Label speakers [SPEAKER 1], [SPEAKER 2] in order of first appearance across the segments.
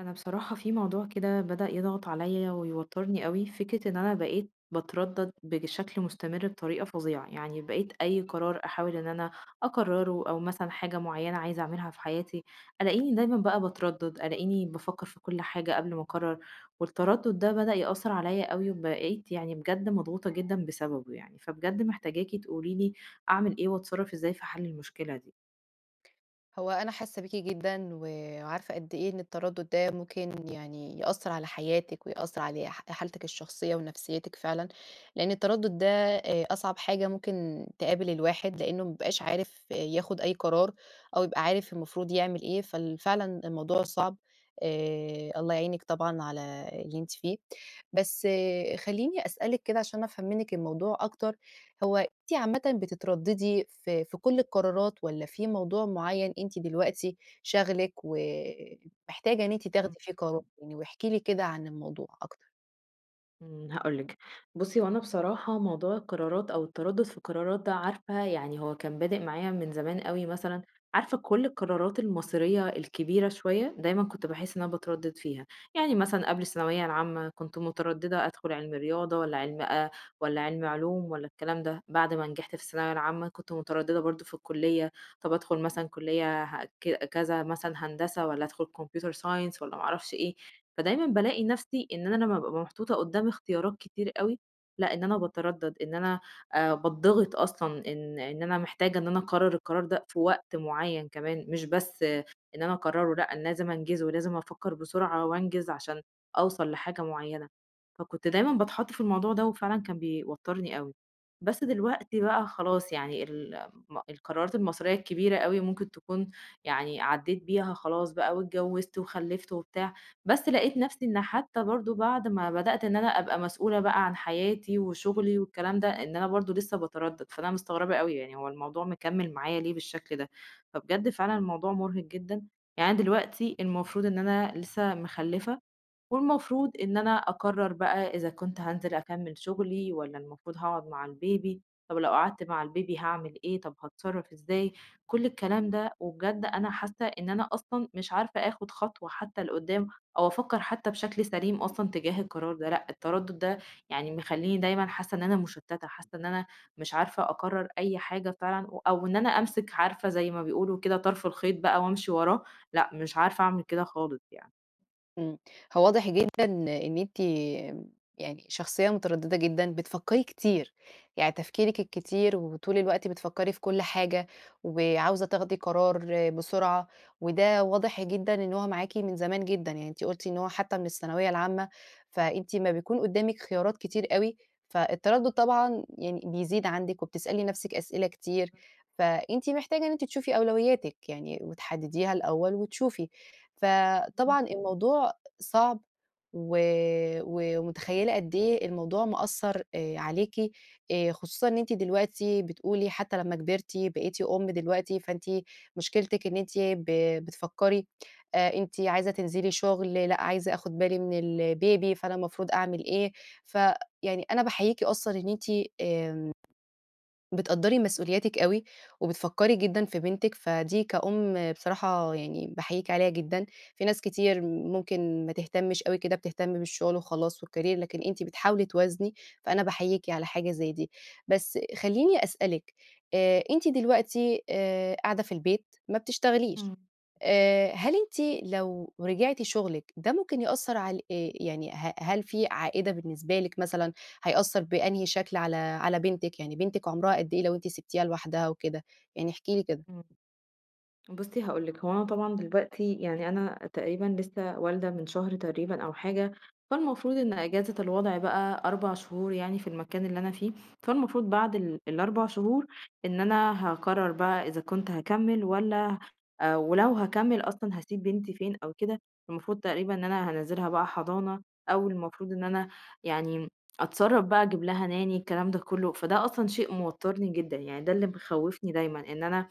[SPEAKER 1] أنا بصراحة في موضوع كده بدأ يضغط عليَّ ويوترني أوي، فكرة إن أنا بقيت باتردد بج بشكل مستمر بطريقة فظيعة، يعني بقيت أي قرار أحاول إن أنا أقرره أو مثلًا حاجة معيّنة عايزة أعملها في حياتي، ألاقيني دايمًا بقى باتردد، ألاقيني بافكر في كُل حاجة قبل ما أقرر والتردد ده بدأ يأثر عليَّ أوي وبقيت يعني بجد مضغوطة جدًا بسببه يعني. فبجد محتاجاكِ تقولي لي أعمل إيه وأتصرف إزاي في حل المشكلة دي.
[SPEAKER 2] هو أنا حاسة بيكِ جدًا و وعارفة قد إيه إن التردد ده ممكن يعني يأثر على حياتِك ويأثر على ح حالتِك الشخصية ونفسيتِك فعلًا لأن التردد ده آآ أصعب حاجة ممكن تقابل الواحد لأنه ما بيبقاش عارف ياخد أي قرار أو يبقى عارف المفروض يعمل إيه فال فعلًا الموضوع صعب، آآ الله يعينِك طبعًا على اللي أنتِ فيه. بس خلّيني أسألِك كده عشان أفهم منِك الموضوع أكتر. هو أنتِ عامةً بتترددي في في كل القرارات والّا في موضوع معيّن أنتِ دلوقتي شاغلِك ومحتاجة إن أنتِ
[SPEAKER 1] امم.
[SPEAKER 2] تاخدي فيه قرار؟ يعني واحكي لي كده عن الموضوع أكتر.
[SPEAKER 1] إمم، هاقول لِك بُصي هو أنا بصراحة موضوع القرارات أو التردد في القرارات ده عارفة يعني هو كان بادئ معايا من زمان أوي مثلًا، عارفة كل القرارات المصيرية الكبيرة شويّة، دايمًا كنت باحس إن أنا باتردد فيها، يعني مثلًا قبل الثانوية العامة كنت مترددة أدخل علمي رياضة والّا علمي آآ، والّا علمي علوم، والّا الكلام ده، بعد ما نجحت في الثانوية العامة، كنت مترددة برضو في الكلية، طَب أدخل مثلًا كلية ها ك كذا مثلًا هندسة، والّا أدخل Computer science والّا ما اعرفش إيه، فدايمًا بالاقي نفسي إن أنا لمّا بابقى أبقى محطوطة قدام اختيارات كتير أوي، لأ إن أنا باتردد إن أنا، آآ، باتضغط أصلًا إن إن أنا محتاجة إن أنا أقرر القرار ده في وقت معيّن كمان، مش بس إن أنا أقرره لأ أنا لازم أنجزه، ولازم أفكّر بسرعة وأنجز عشان أوصل لحاجة معيّنة. فكنت دايمًا باتحط في الموضوع ده، وفعلًا كان بيوترني أوي. بس دلوقتي بقى خلاص يعني، ال م القرارات المصيرية الكبيرة أوي ممكن تكون، يعني عديت بيها خلاص بقى واتجوزت وخلفت وبتاع، بس لقيت نفسي إن حتّى برضو بعد ما بدأت إن أنا أبقى مسؤولة بقى عن حَياتِي وشُغلي والكلام ده، إن أنا برضو لسه باتردد، فأنا مستغربة أوي يعني هو الموضوع مكمل معايا ليه بالشكل ده، فبجد فعلًا الموضوع مرهق جدًا. يعني أنا دلوقتي المفروض إن أنا لسه مخلفة، والمفروض إن أنا أقرر بقى إذا كنت هانزل أكمّل شُغلي والّا المفروض هاقعد مع البيبي، طب لو قعدت مع البيبي هاعمل إيه طب هاتصرف إزاي، كل الكلام ده، وبجد أنا حاسّة إن أنا أصلًا مش عارفة آخد خطوة حتّى لقدام، أو أفكّر حتّى بشكل سليم أصلًا تجاه القرار ده، لأ التردد ده يعني مخلّيني دايمًا حاسّة إن أنا مُشتتة، حاسّة إن أنا مش عارفة أقرر أي حاجة فعلًا و أو إن أنا أمسك عارفة زي ما بيقولوا كده طرْف الخيط بقى وأمشي وراه، لأ مش عارفة أعمل كده خالص يعني.
[SPEAKER 2] إمم، هو واضح جدًا إن أنتِ يعني، شخصية متردّدة جدًا، بتفكّري كتير، يعني تفكيرِك الكتير وطول الوقت بتفكّري في كلّ حاجة، وعاوزة تاخدي قرار بسرعة، وده واضح جدًا إن هو معاكِ من زمان جدًا، يعني أنتِ قُلتِ إن هو حتّى من الثانوية العامة، فأنتِ امّا بيكون قدّامِك خيارات كتير أوي، فالتردُّد طبعًا يعني بيزيد عندِك وبتسألي نفْسِك أسئلة كتير، فأنتِ محتاجة إن أنتِ تشوفي أولوياتك يعني، وتحدديها الأول وتشوفي، ف
[SPEAKER 1] إمم.
[SPEAKER 2] طبعًا الموضوع صعب، و ومتخيّلة قد إيه الموضوع مأثّر آآ عليكِ، آآ خصوصًا إن أنتِ دلوقتي بتقولي حتّى لمّا كبرتِ بقيتِ أُم دلوقتي فأنتِ مشكلتِك إن أنتِ ب بتفكّري، أنتِ عايزة تنزلي شغل، لأ عايزة آخد بالي من الBaby، فأنا المفروض أعمل إيه، ف يعني أنا باحييكِ أصلًا إن أنتِ آمم، بتقدَّري مسؤولياتِك أوي، وبتفكّري جدًا في بنتِك، فدي كأُم بصراحة يعني باحييكِ عليها جدًا، في ناس كتير ممكن ما تهتمش أوي كده بتهتم بالشغل وخلاص والCareer، لكن أنتِ بتحاولي توازني فأنا باحييكِ على حاجة زي دي، بس خلّيني أسألِك، آآ أنتِ دلوقتي آآ قاعدة في البيت ما بتشتغليش،
[SPEAKER 1] إمم.
[SPEAKER 2] آآ هل أنتِ لو رجعتِ شغلِك، ده ممكن يأثّر على ال آآ يعني ه هل في عائدة بالنسبة لكِ مثلًا؟ هيأثّر بأنهي شكل على على بنتِك؟ يعني بنتِك عمرها قد إيه لو أنتِ سبتيها لوحدها وكده؟ يعني احكي لي كده.
[SPEAKER 1] إمم. بُصّي هاقول لكِ هو أنا طبعًا دلوقتي، يعني أنا تقريبًا لسّه والدة من شهر تقريبًا أو حاجة، فالمفروض إن إجازة الوضع بقى 4 شهور يعني في المكان اللي أنا فيه، فالمفروض بعد ال ال4 شهور، إن أنا هاقرر بقى إذا كنت هاكمّل والّا، ولو هاكمّل أصلًا هاسيب بنتي فين أو كده، المفروض تقريبًا إن أنا هانزِّلها بقى حضانة، أو المفروض إن أنا يعني أتصرّف بقى أجيب لها Nanny الكلام ده كلّه، فده أصلًا شيء موتّرني جدًا، يعني ده اللي مخوفني دايمًا، إن أنا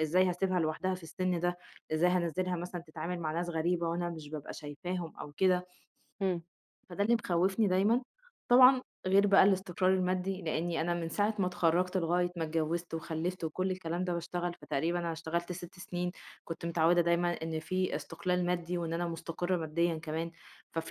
[SPEAKER 1] إزاي هاسيبها لوحدها في السِن ده؟ إزاي هانزلها مثلًا تتعامل مع ناس غريبة وأنا مش بابقى شايفاهم أو كده
[SPEAKER 2] إمم.
[SPEAKER 1] فده اللي مخوفني دايمًا، طبعًا غير بقى الاستقرار المادي، لإني أنا من ساعة ما اتخرّجت لغاية ما اتجوّزت وخلّفت وكلّ الكلام ده باشتغل فتقريبًا أنا اشتغلت 6 سنين، كنت متعوّدة دايمًا إن في استقلال مادي وإن أنا مستقرة ماديًا كمان،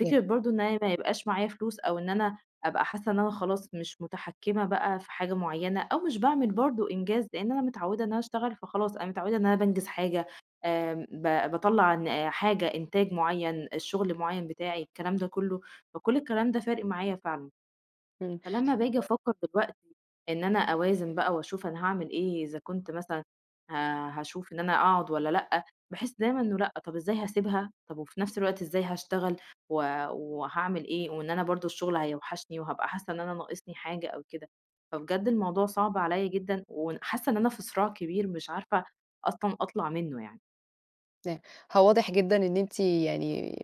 [SPEAKER 2] [unintelligible]
[SPEAKER 1] برضه إن أنا ما يبقاش معايا فلوس أو إن أنا أبقى حاسّة إن أنا خلاص مش مُتحكّمة بقى في حاجة معيّنة، أو مش باعمل برضه إنجاز لإن أنا متعوّدة إن أنا اشتغل فخلاص أنا متعوّدة إن أنا بانجز حاجة، آمم ب باطلّع ن حاجة إنتاج معيّن، شغل معيّن بتاعي الكلام ده كلّه، فكلّ الكلام ده فارق معايا فعلًا،
[SPEAKER 2] إمم.
[SPEAKER 1] فلمّا باجي أفكّر دلوقتي إن أنا أوازن بقى وأشوف أنا هاعمل إيه، إذا كنت مثلًا ه هاشوف إن أنا أقعد والّا لأ، باحس دايمًا إنه لأ طب إزاي هاسيبها؟ طب وفي نفْس الوقت إزاي هاشتغل؟ و وهاعمل إيه وإن أنا برضه الشغل هيوحشني وهابقى حاسّة إن أنا ناقصني حاجة أو كده، فبجد الموضوع صعب عليَّ جدًا، ون حاسّة إن أنا في صراع كبير مش عارفة أصلًا أطلع منه يعني.
[SPEAKER 2] نا هو واضح جدًا إن أنتِ يعني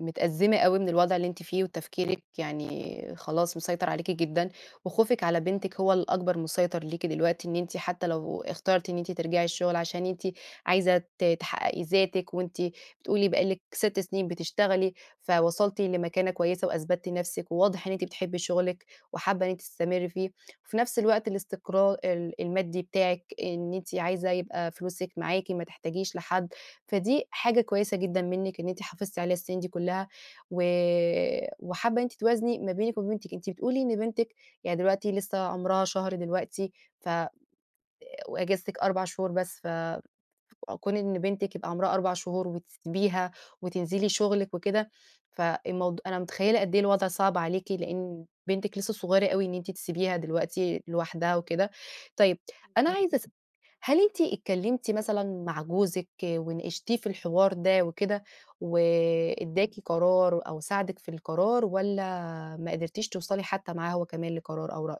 [SPEAKER 2] متأزمة أوي من الوضع اللي أنتِ فيه وتفكيرِك يعني خلاص مسيطر عليكِ جدًا وخوفِك على بنتِك هو الأكبر مسيطر ليكِ دلوقتي إن أنتِ حتى لو اخترتِ إن أنتِ ترجعي الشغل عشان أنتِ عايزة ت تحققي ذاتِك وأنتِ بتقولي بقى لِك 6 سنين بتشتغلي فوصلتِ لمكانة كويسة وأثبتِّ نفسِك، وواضح إن أنتِ بتحبي شغلِك وحابة إن أنتِ تستمري فيه، وفي نفس الوقت الاستقرا ال المادي بتاعِك إن أنتِ عايزة يبقى فلوسِك معاكِ ما تحتاجيش لحد، فدي حاجة كويسة جدًا منِك إن أنتِ حافظتِ عليها السنين دي كلّها و وحابة إن أنتِ توازني ما بينِك وبين بنتِك. أنتِ بتقولي إن بنتِك يعني دلوقتي لسه عمرها شهر دلوقتي ف آآ، وأجازتِك 4 شهور بس ف كون إن بنتِك يبقى عمرها 4 شهور وتسيبيها وتنزلي شغلِك وكده، فالموض أنا متخيلة قد إيه الوضع صعب عليكِ، لأن بنتِك لسه صغيرة أوي إن أنتِ تسيبيها دلوقتي لوحدها وكده. طيب، أنا
[SPEAKER 1] [unintelligible]
[SPEAKER 2] عايزة أس هل أنتِ اتكلمتي مثلًا مع جوزِك وناقشتيه في الحوار ده وكده
[SPEAKER 1] امم.
[SPEAKER 2] واداكِ قرار أو ساعدِك في القرار والّا ما قدرتيش توصلي حتى معاه هو كمان لقرار أو رأي؟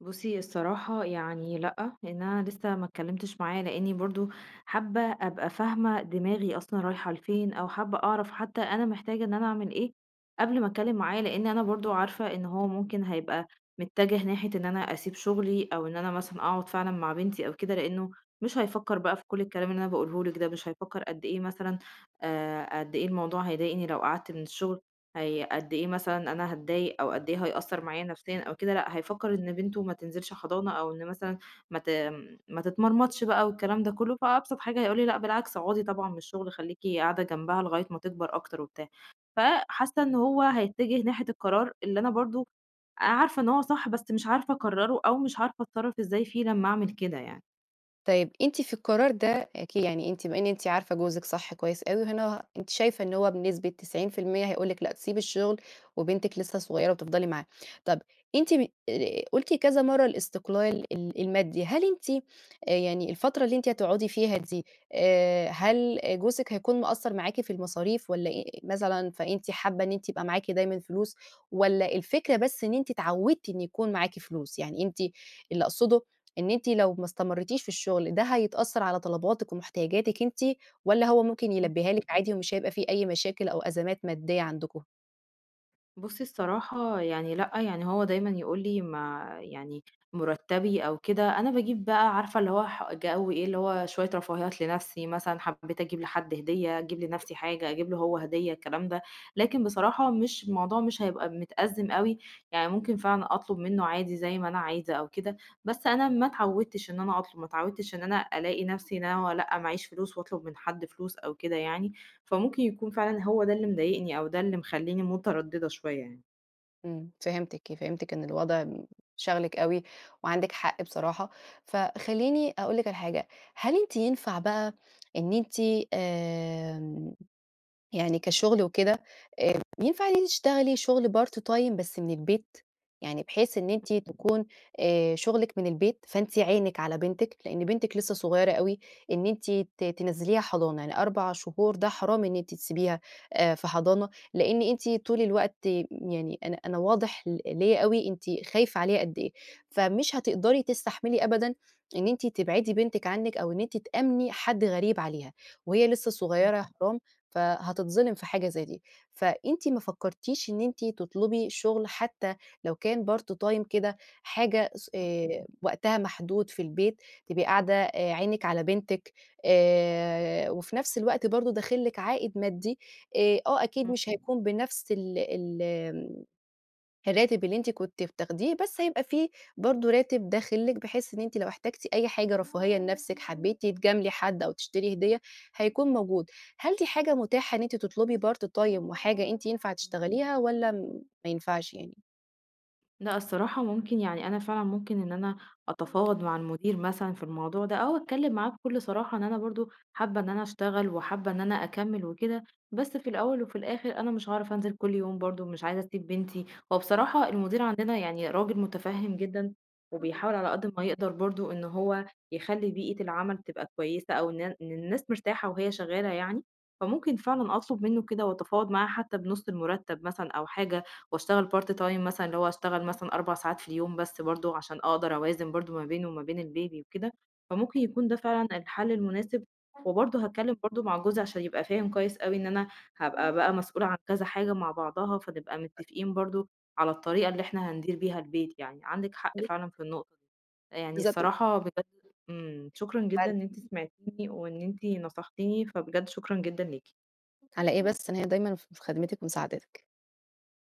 [SPEAKER 1] بُصّي، الصراحة يعني لأ، لإن أنا لسّه ما اتكلّمتش معاه، لإنّي برضه حابّة أبقى فاهمة دماغي أصلًا رايحة لفين أو حابّة أعرف حتّى أنا محتاجة إن أنا أعمل إيه قبل ما أتكلّم معاه، لإن أنا برضه عارفة إن هو ممكن هيبقى متّجه ناحية إن أنا أسيب شُغلي أو إن أنا مثلًا أقعد فعلًا مع بنتي أو كده، لإنّه مش هيفكّر بقى في كل الكلام اللي أنا باقوله لِك ده، مش هيفكّر قد أيه مثلًا آآ قد إيه الموضوع هيضايقني لو قعدت من الشُغل، هي قد إيه مثلًا أنا هاتضايق أو قد إيه هيأثّر معايا نفسيًا أو كده لأ، هيفكّر إن بنته ما تنزلش حضانة أو إن مثلًا ما ت آمم ما تتمرمطش بقى والكلام ده كُلّه، فأبسط حاجة هيقول لي لأ بالعكس، أقعدي طبعًا من الشغل خلّيكِ قاعدة جنبها لغاية ما تكبر أكتر وبتاع. فحاسّة إن هو هيتّجه ناحية القرار اللي أنا برضه آآ، عارفة إن هو صح، بس مش عارفة أقرّره أو مش عارفة أتصرّف إزاي فيه لمّا أعمل كده يعني.
[SPEAKER 2] طيب، أنتِ في القرار ده أكي يعني أنتِ بما إن أنتِ عارفة جوزِك صح كويس أوي وهنا أنتِ شايفة إن هو بنسبة 90% هيقول لكِ لأ، تسيبي الشُغل وبنتِك لسّه صغيرة وتفضلي معاها. طب أنتِ ب آآ قُلتِ كذا مرّة الاستقلال ال المادي، هل أنتِ آآ يعني الفترة اللي أنتِ هتقعدي فيها دي، آآ هل جوزِك هيكون مقصّر معاكِ في المصاريف والّا إيه، مثلًا فأنتِ حابّة إن أنتِ يبقى معاكِ دايمًا فلوس والّا الفكرة بس إن أنتِ اتعوّدتِ إن يكون معاكِ فلوس؟ يعني أنتِ اللي أقصده إن أنتِ لو ما استمرِّتيش في الشُغل ده هيتأثّر على طلباتِك وم احتياجاتِك أنتِ والّا هو ممكن
[SPEAKER 1] إمم.
[SPEAKER 2] يلبّيها لكِ عادي ومش هيبقى في أي مشاكل أو أزمات مادّية عندكم؟
[SPEAKER 1] بُصي الصراحة يعني لأ، يعني هو دايمًا يقول لي ما يعني مُرَتبي أو كده، أنا باجيب بقى عارفة اللي هو ح جو إيه، اللي هو شوية رفاهيات لنفْسِي، مثلًا حبيت أجيب لحد هدية، أجيب لنفْسِي حاجة، أجيب له هو هدية، الكلام ده. لكن بصراحة مش الموضوع مش هيبقى متأزّم أوي، يعني ممكن فاهمة، أطلب منه عادي زي ما أنا عايزة أو كده، بس أنا ما اتعودتش إن أنا أطلب، ما اتعودتش إن أنا ألاقي نفْسِي إن أنا لأ ما عييش فلوس وأطلب من حد فلوس، أو كده يعني. فممكن يكون فعلًا هو ده اللي مضايقني أو ده اللي مخلّيني مترددة شوية يعني.
[SPEAKER 2] إمم، فهمتِك، فهمتِك، إن الوضع م شاغلِك أوي وعندِك حق بصراحة. فخلّيني أقول لِك على حاجة، هل أنتِ ينفع بقى إن أنتِ، آمم، يعني كشغل وكده، آآ، ينفع إن أنتِ تشتغلي شغل Part-time بس من البيت؟ يعني بحيث إن أنتِ تكون آآ، شُغلِك من البيت، فأنتِ عينِك على بنتِك؛ لأن بنتِك لسه صغيرة أوي، إن أنتِ ت تِنَزِّليها حضانة، يعني 4 شهور ده حرام، إن أنتِ تسيبيها، آآ، في حضانة، لإن أنتِ طول الوقت يعني أنا أنا واضح ل ليَّ أوي، أنتِ خايفة عليها قد إيه، فمش هتقدري تستحملي أبدًا إن أنتِ تبعدي بنتِك عنِك أو إن أنتِ تأمْنِي حد غريب عليها، وهي لسه
[SPEAKER 1] آه.
[SPEAKER 2] صغيرة يا حرام، فهتتظلم في حاجة زي دي. فأنتِ ما فكرتيش إن أنتِ تطلبي شغل حتى لو كان Part-time كده، حاجة صُ
[SPEAKER 1] آه.
[SPEAKER 2] آآ وقتها محدود في البيت، تبقي قاعدة عينِك على بنتِك، آآ، وفي نفْس الوقت برضه، داخل لِك عائد مادي، آآ، آه أكيد
[SPEAKER 1] آه.
[SPEAKER 2] مش هيكون بنفْس ال ال آمم، الراتب اللي أنتِ كنتِ بتاخديه، بس هيبقى في برضه راتب داخل لِك؛ بحيث إن أنتِ لو احتاجتِ أي حاجة رفاهية لنفسِك، حبيتِ تجاملي حد أو تشتري هدية، هيكون موجود. هل دي حاجة متاحة إن أنتِ تطلبي Part-time وحاجة أنتِ ينفع
[SPEAKER 1] إمم.
[SPEAKER 2] تشتغليها والّا م ما ينفعش يعني؟
[SPEAKER 1] لأ الصراحة ممكن يعني، أنا فعلًا ممكن إن أنا
[SPEAKER 2] [unintelligible]
[SPEAKER 1] أتفاوض مع المدير مثلًا في الموضوع ده، أو أتكلم معاه بكل صراحة، إن أنا برضه حابة إن أنا أشتغل وحابة إن أنا أكمل وكده، بس في الأول وفي الآخر أنا مش هاعرف أنزل كل يوم برضه، مش عايزة أسيب بنتي هو
[SPEAKER 2] [unintelligible]
[SPEAKER 1] بصراحة المدير عندنا يعني راجل مُتَفهم جدًا،
[SPEAKER 2] [unintelligible]
[SPEAKER 1] وبيحاول على قد ما يقدر برضه إن هو يخلي بيئة العمل تبقى كويسة أو إن إن الناس مرتاحة وهي شغالة يعني، فممكن فعلًا أطلب منه كده وأتفاوض معاه حتى بنُص المُرتَب مثلًا أو حاجة وأشتغل Part-time مثلًا اللي هو اشتغل مثلًا 4 ساعات في اليوم بس، برضه عشان أقدر أوازن برضه ما بينه وما بين الBaby وكده، فممكن يكون ده فعلًا الحل المناسب
[SPEAKER 2] [unintelligible]
[SPEAKER 1] وبرضه هاتكلم برضه مع جوزي عشان يبقى فاهم كويس أوي إن أنا هابقى
[SPEAKER 2] إمم.
[SPEAKER 1] بقى مسؤولة عن كذا حاجة مع بعضها، فنبقى متفقين برضه، على الطريقة اللي إحنا هندير بيها البيت يعني. عندِك حق
[SPEAKER 2] [unintelligible]
[SPEAKER 1] فعلًا في النقطة يعني
[SPEAKER 2] بالضبط
[SPEAKER 1] الصراحة بجد امم، شكرًا جدًا
[SPEAKER 2] حلو.
[SPEAKER 1] إن أنتِ سمعتيني وإن أنتِ نصحتيني، فبجد شكرًا جدًا ليكِ.
[SPEAKER 2] على إيه بس أنا هنا دايمًا في خدمتِك ومساعدتِك.